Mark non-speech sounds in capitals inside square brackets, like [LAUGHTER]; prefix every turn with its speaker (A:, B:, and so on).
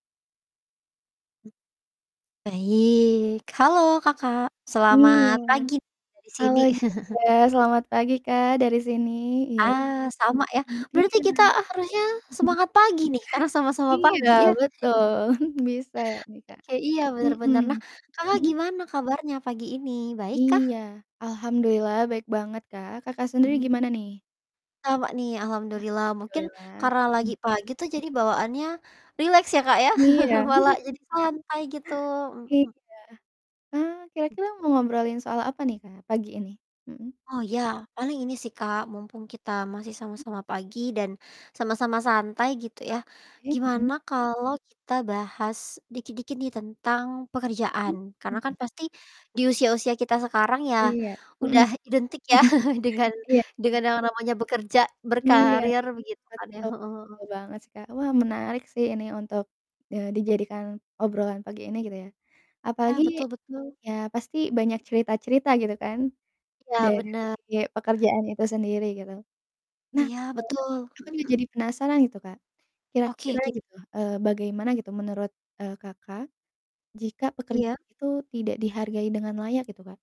A: Hmm. Baik, halo, Kakak,
B: Iya,
A: selamat pagi, dari
B: halo
A: sini. [CHUCKLES]
B: juga, selamat pagi, Kak, dari sini, iya,
A: Ah, sama ya,
B: mhm,
A: berarti
B: iya.
A: kita harusnya
B: [CHUCKLES]
A: semangat pagi nih, karena sama-sama
B: Iya,
A: pagi, ya. [CHUCKLES]
B: betul, [CHUCKLES] bisa, iya, Kak,
A: Oke, iya, bener bener,
B: mhm,
A: nah, Kakak
B: mhm?
A: gimana kabarnya pagi ini, baik kah?
B: Iya, alhamdulillah baik banget, Kak, Kakak sendiri
A: Mmm.
B: gimana nih?
A: Sama nih, alhamdulillah, mungkin
B: Alhamdulillah,
A: karena
B: mhm.
A: lagi pagi tuh, jadi bawaannya rileks ya, Kak, ya,
B: Iya.
A: [LAUGHS] malah jadi
B: [LAUGHS]
A: santai gitu.
B: Iya.
A: Mhm.
B: Ah,
A: Hmm.
B: kira-kira mau ngobrolin soal apa nih, Kak, pagi ini? Mhm?
A: Oh, ya, paling ini sih, Kak, mumpung kita masih
B: Hmm.
A: sama-sama pagi dan sama-sama santai gitu
B: Ah,
A: ya,
B: oke,
A: gimana
B: heeh.
A: kalau kita bahas dikit-dikit nih, tentang
B: Mmm,
A: pekerjaan, karena kan
B: mhm.
A: pasti di usia-usia kita sekarang ya,
B: Iya, mhm.
A: udah identik ya, [CHUCKLES]
B: [LAUGHS]
A: dengan
B: Iya. Mmm.
A: yang namanya bekerja
B: Iya
A: berkarir,
B: sih,
A: begitu kan, ya.
B: betul,
A: Heeh heeh.
B: betul banget sih, Kak. Wah, menarik sih ini untuk, eee, dijadikan obrolan pagi ini, gitu ya,
A: Ya,
B: apalagi
A: betul betul.
B: ya pasti banyak cerita-cerita gitu kan,
A: Ya,
B: dari
A: bena
B: pekerjaan itu sendiri, gitu. Nah,
A: Iya, betul,
B: eee,
A: mhm
B: aku tuh
A: mhm.
B: jadi penasaran, gitu, Kak,
A: Oke,
B: kira-kira
A: kit
B: gitu, eee, bagaimana gitu, menurut, eee, Kakak jika
A: Iya.
B: pekerjaan itu tidak dihargai dengan layak, gitu, Kak?